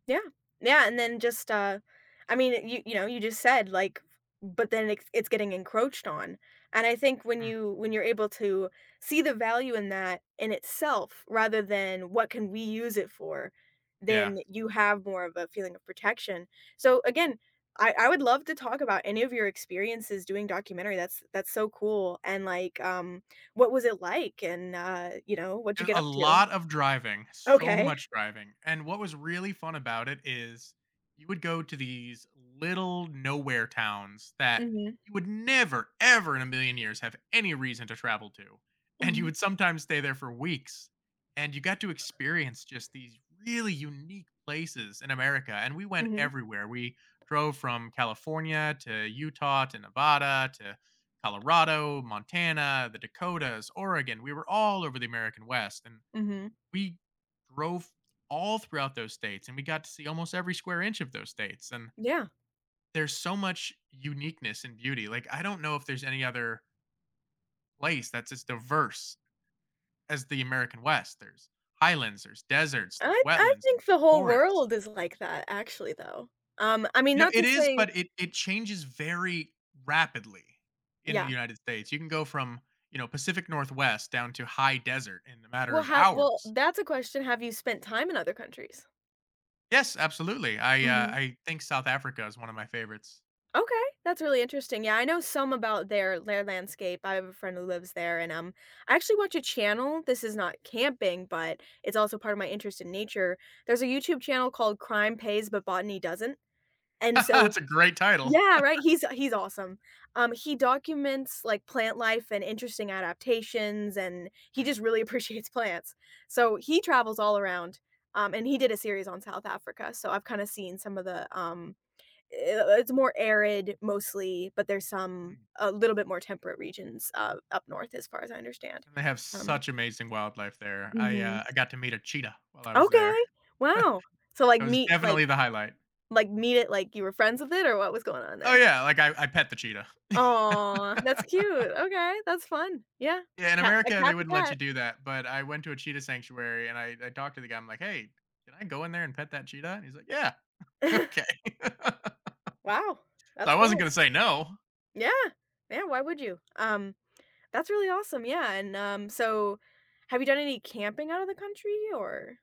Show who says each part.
Speaker 1: Yeah. Yeah, and then just, uh, I mean, uh, you you know, you just said like, f but then it's it's getting encroached on. And I think when
Speaker 2: Mm.
Speaker 1: you when you're able to see the value in that in itself, rather than what can we use it for,
Speaker 2: Yeah.
Speaker 1: then you have more of a feeling of protection. So again, I I would love to talk about any of your experiences doing documentary. That's that's so cool, and like, um, what was it, like, and, uh, you know, what did you
Speaker 2: There's
Speaker 1: get
Speaker 2: a
Speaker 1: up to?
Speaker 2: lot of driving, so
Speaker 1: Ok.
Speaker 2: much driving, and what was really fun about it is, you would go to these little, nowhere towns that
Speaker 1: Mhm.
Speaker 2: you would never, ever in a million years have any reason to travel to. And you
Speaker 1: Mhm.
Speaker 2: would sometimes stay there for weeks, and you got to experience just these really unique places in America, and we went
Speaker 1: Mhm.
Speaker 2: everywhere. We drove from California to Utah to Nevada, to Colorado, Montana, the Dakotas, Oregon. We were all over the American West, and
Speaker 1: Mhm.
Speaker 2: we drove all throughout those states, and we got to see almost every square inch of those states. And
Speaker 1: Yeah.
Speaker 2: there's so much uniqueness and beauty, like, I don't know if there's any other place that's just diverse as the American West. There's highlands, there's deserts, there's
Speaker 1: I I
Speaker 2: wetlands,
Speaker 1: think
Speaker 2: there's
Speaker 1: the whole
Speaker 2: forests.
Speaker 1: world is like that actually, though. Um, I mean,
Speaker 2: You know,
Speaker 1: not
Speaker 2: it
Speaker 1: to
Speaker 2: is,
Speaker 1: say
Speaker 2: but it it changes very rapidly in the
Speaker 1: Yeah.
Speaker 2: United States. You can go from, you know, Pacific Northwest down to high desert in a matter
Speaker 1: Well,
Speaker 2: of
Speaker 1: have well,
Speaker 2: hours.
Speaker 1: that's a question. Have you spent time in other countries?
Speaker 2: Yes, absolutely. I, uh,
Speaker 1: Mhm.
Speaker 2: I think South Africa is one of my favorites.
Speaker 1: Ok, that's really interesting. Yeah, I know some about their their landscape. I have a friend who lives there and, um, I actually watch a channel this is not camping, but it's also part of my interest in nature. There's a YouTube channel called Crime Pays, but Botany Doesn't, and so
Speaker 2: That's a great title.
Speaker 1: Yeah, right, he's he's awesome. Um, he documents, like, plant life and interesting adaptations, and he just
Speaker 2: Mm.
Speaker 1: really appreciates plants. So he travels all around, um, and he did a series on South Africa, so I've kind of seen some of the, um, uh it's more arid, mostly, but there's some
Speaker 2: Mm.
Speaker 1: a little bit more temperate regions, uh, up north as far as I understand.
Speaker 2: And they have
Speaker 1: Um
Speaker 2: such amazing wildlife there. I,
Speaker 1: Mhm.
Speaker 2: uh, I got to meet a cheetah while I was
Speaker 1: Ok,
Speaker 2: there.
Speaker 1: wow. So like
Speaker 2: That was
Speaker 1: meet like
Speaker 2: definitely the highlight.
Speaker 1: like, meet it like you were friends with it, or what was going on
Speaker 2: Oh
Speaker 1: there?
Speaker 2: yeah, like I I pet the cheetah.
Speaker 1: Aw, that's cute. Ok, that's fun. Yeah,
Speaker 2: Yeah, in
Speaker 1: cat a
Speaker 2: America, they
Speaker 1: cat's a
Speaker 2: wouldn't let you
Speaker 1: cat.
Speaker 2: do that. But I went to a cheetah sanctuary and I I talked to the guy. I'm, like, "Hey, can I go in there and pet that cheetah?" And he's, like, "Yeah." "Ok."
Speaker 1: Wow,
Speaker 2: So I
Speaker 1: that's
Speaker 2: wasn't
Speaker 1: cool.
Speaker 2: gonna say no.
Speaker 1: Yeah, yeah, why would you? Um, that's really awesome. Yeah, and, um, so, have you done any camping out of the country or